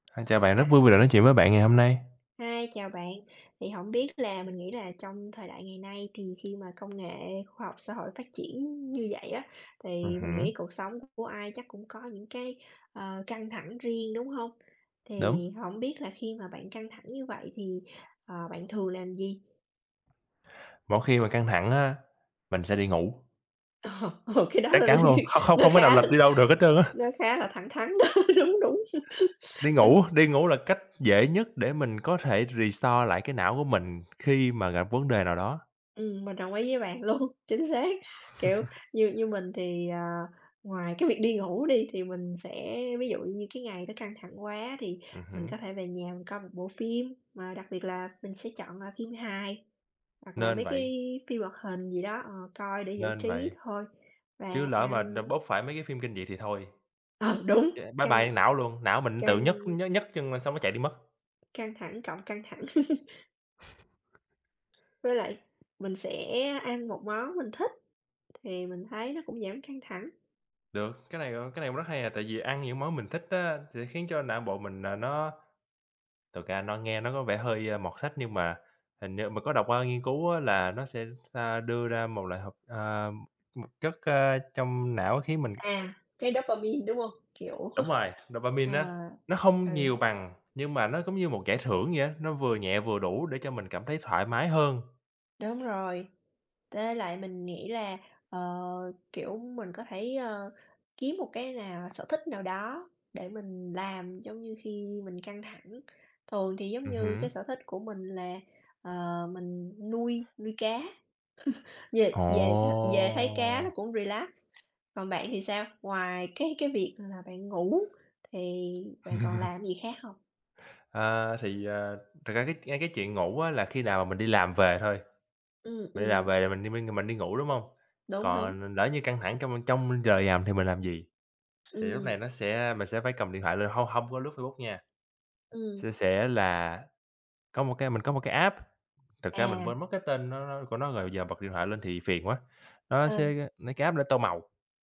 A, chào bạn, rất Ừm. vui vì được nói chuyện với bạn ngày hôm nay. Hi, chào bạn, thì hổng biết là mình nghĩ là trong thời đại ngày nay thì khi mà công nghệ khoa học xã hội phát triển như vậy á, thì Ừm mình hứm. nghĩ cuộc sống của ai chắc cũng có những cái, ờ, căng thẳng riêng, đúng hông? Đúng. Thì hổng biết là khi mà bạn căng thẳng như vậy thì, ờ, bạn thường làm gì? Mỗi khi mà căng thẳng á, mình sẽ đi ngủ. Ờ, ồ, cái đó Chắc là lên chắn như luôn, không không nó không thể nào khá lệch đi đâu được hết trơn á. nó khá là thẳng thắn đó, đúng, đúng. Đi ngủ, đi ngủ là cách dễ nhất để mình có thể restore lại cái não của mình khi mà gặp vấn đề nào đó. Ừm, mình đồng ý với bạn luôn, chính xác. Kiểu, như như mình thì, ờ, ngoài cái việc đi ngủ đi thì mình sẽ ví dụ như cái ngày đó căng thẳng quá thì Ừm mình hứm. có thể về nhà mình coi một bộ phim, mà đặc biệt là mình sẽ chọn, à, phim hài hoặc là Nên mấy cái vậy. phim hoạt hình gì đó, ờ, coi để giải Nên trí vậy. thôi, và Chứ lỡ mà đ ăn bốc phải mấy cái phim kinh dị thì thôi, Ờ, đúng! ch bye Căng bye não luôn, não mình tự nhấc căng nh nhấc chân lên xong nó chạy đi mất. Căng thẳng cộng căng thẳng. Với lại mình sẽ ăn một món mình thích thì mình thấy nó cũng giảm căng thẳng. Được, cái này, ờ, cái này cũng rất hay à, tại vì ăn những món mình thích á, thì nó khiến cho não bộ mình là nó thực ra nó nghe nó có vẻ hơi mọt sách nhưng mà hình như mình có đọc qua nghiên cứu á là nó sẽ, a, đưa ra một loại hợp ờ, một chất, a, trong não khiến mình À, cái dopamine, đúng hông? Kiểu, Đúng rồi, ờ, dopamine á, nó ừ. hông nhiều bằng, nhưng mà nó giống như một giải thưởng vậy á, nó vừa nhẹ vừa đủ để cho mình cảm thấy thoải mái hơn. Đúng rồi, tới lại mình nghĩ là, ờ, kiểu, mình có thể, ờ, kiếm một cái nào sở thích nào đó để mình làm. Giống như khi mình căng thẳng thường thì giống Ừm như hứm. cái sở thích của mình là, ờ, mình nuôi nuôi cá. Về về th về thấy cá nó Ồ! cũng relax. Còn bạn thì sao? Ngoài cái cái việc là bạn ngủ thì bạn còn làm cái gì khác hông? Ờ, thì, ờ, thật ra cái ngay cái chuyện ngủ á là khi nào mà mình đi làm về thôi, Ừm, mình đi làm ừm. về rồi mình đi minh, rồi mình đi ngủ, đúng hông? Đúng, đúng. Còn l lỡ như căng thẳng trong trong giờ làm thì mình làm gì? Thì lúc Ừm. này nó sẽ mình sẽ phải cầm điện thoại lên, hông hông có lướt Facebook nha. Ừm. Sẽ sẽ là có một cái mình có một cái app, thực ra mình À. quên mất cái tên nó nó của nó rồi, giờ bật điện thoại lên thì phiền quá, nó sẽ Ừ. nấy cái app để tô màu.